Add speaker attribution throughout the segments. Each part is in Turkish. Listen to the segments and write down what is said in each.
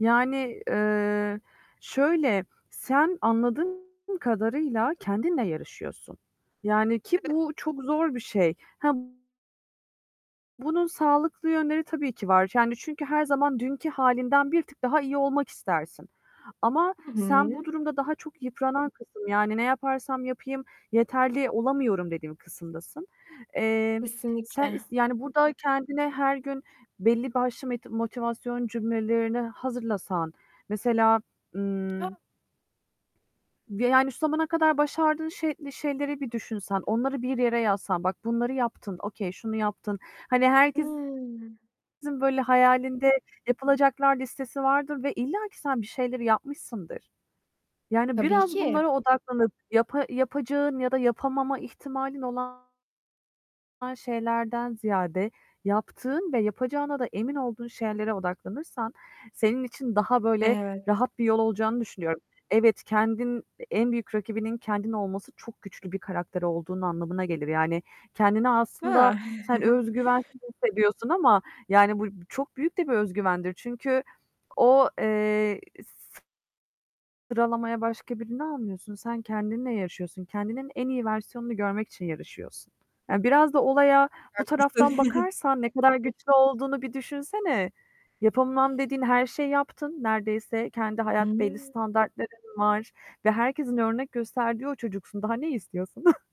Speaker 1: Yani, eee, şöyle, sen anladığım kadarıyla kendinle yarışıyorsun. Yani, ki
Speaker 2: [unintelligible]
Speaker 1: bu çok zor bir şey. Hab Bunun sağlıklı yönleri tabii ki var. Yani çünkü her zaman dünkü halinden bir tık daha iyi olmak istersin. Ama
Speaker 2: Hı
Speaker 1: sen bu
Speaker 2: hı.
Speaker 1: durumda daha çok yıpranan kısım, yani "Ne yaparsam yapayım yeterli olamıyorum." dediğin kısımdasın. Eee, sen
Speaker 2: Kesinlikle.
Speaker 1: is yani burada kendine her gün belli başlı meti motivasyon cümlelerini hazırlasan, mesela, ımm
Speaker 2: [unintelligible]
Speaker 1: ve yani şu zamana kadar başardığın şey şeyleri bir düşünsen, onları bir yere yazsan, bak bunları yaptın, okay, şunu yaptın. Hani herkesin
Speaker 2: Hımm.
Speaker 1: böyle hayalinde yapılacaklar listesi vardır ve illaki sen bir şeyleri yapmışsındır. Yani
Speaker 2: Tabii
Speaker 1: biraz
Speaker 2: ki.
Speaker 1: bunlara odaklanıp yapa yapacağın ya da yapamama ihtimalin olan [unintelligible] Şeylerden ziyade, yaptığın ve yapacağına da emin olduğun şeylere odaklanırsan, senin için daha, böyle,
Speaker 2: Evet.
Speaker 1: rahat bir yol olacağını düşünüyorum. Evet, kendin en büyük rakibinin kendin olması çok güçlü bir karakter olduğun anlamına gelir. Yani kendini
Speaker 2: A!
Speaker 1: aslında sen özgüvensiz hissediyorsun ama yani bu bu çok büyük de bir özgüvendir. Çünkü o, eee, s sıralamaya başka birini almıyorsun, sen kendinle yaşıyorsun, kendinin en iyi versiyonunu görmek için yarışıyorsun. Yani biraz da olaya bu
Speaker 2: Haklısın.
Speaker 1: taraftan bakarsan, ne kadar güçlü olduğunu bir düşünsene. Yapamam dediğin her şeyi yaptın, neredeyse kendi hayat belli
Speaker 2: [unintelligible]
Speaker 1: standartların var ve herkesin örnek gösterdiği o çocuksun. Daha ne istiyorsun?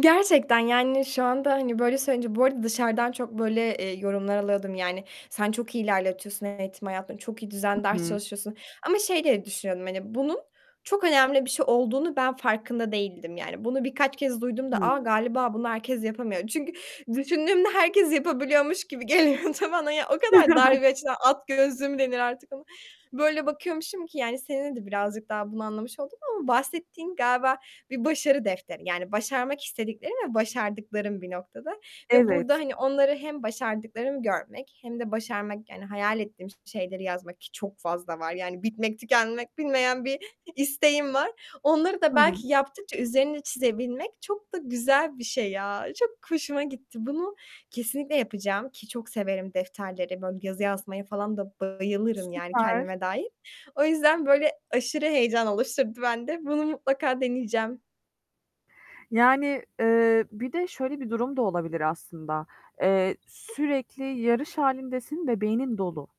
Speaker 2: Gerçekten yani şu anda, hani, böyle söyleyince Bu arada dışarıdan çok böyle, eee, yorumlar alıyordum, yani, "Sen çok iyi ilerletiyorsun eğitim hayatında, çok iyi
Speaker 1: Hı
Speaker 2: düzenli ders
Speaker 1: hı.
Speaker 2: çalışıyorsun." ama şey diye düşünüyordum. Hani bunun çok önemli bir şey olduğunun ben farkında değildim yani. Bunu birkaç kez duyduğumda "A!
Speaker 1: Hıı.
Speaker 2: Galiba bunu herkes yapamıyor." çünkü düşündüğümde herkes yapabiliyormuş gibi geliyordu bana ya. O kadar dar bir açıdan at gözlülüğü mü denir artık ona? Böyle bakıyormuşum ki, yani, seninle de birazcık daha bunu anlamış oldum. Ama bahsettiğin galiba bir başarı defteri yani başarmak istediklerim ve başardıklarım bir noktada. Ve burada,
Speaker 1: Evet.
Speaker 2: hani, onları hem başardıklarımı görmek hem de başarmak, yani hayal ettiğim şeyleri yazmak ki çok fazla var yani bitmek tükenmek bilmeyen bir isteğim var. Onları da
Speaker 1: Hı hı.
Speaker 2: belki yaptıkça üzerine çizebilmek çok da güzel bir şey ya, çok hoşuma gitti. Bunu kesinlikle yapacağım, ki çok severim defterleri, böyle yazı yazmaya falan da bayılırım, yani,
Speaker 1: Süper.
Speaker 2: kendime dair. O yüzden böyle aşırı heyecan oluşturdu bende. Bunu mutlaka deneyeceğim.
Speaker 1: Yani, eee, bir de şöyle bir durum da olabilir aslında. Eee, sürekli yarış halindesin, ve beynin dolu.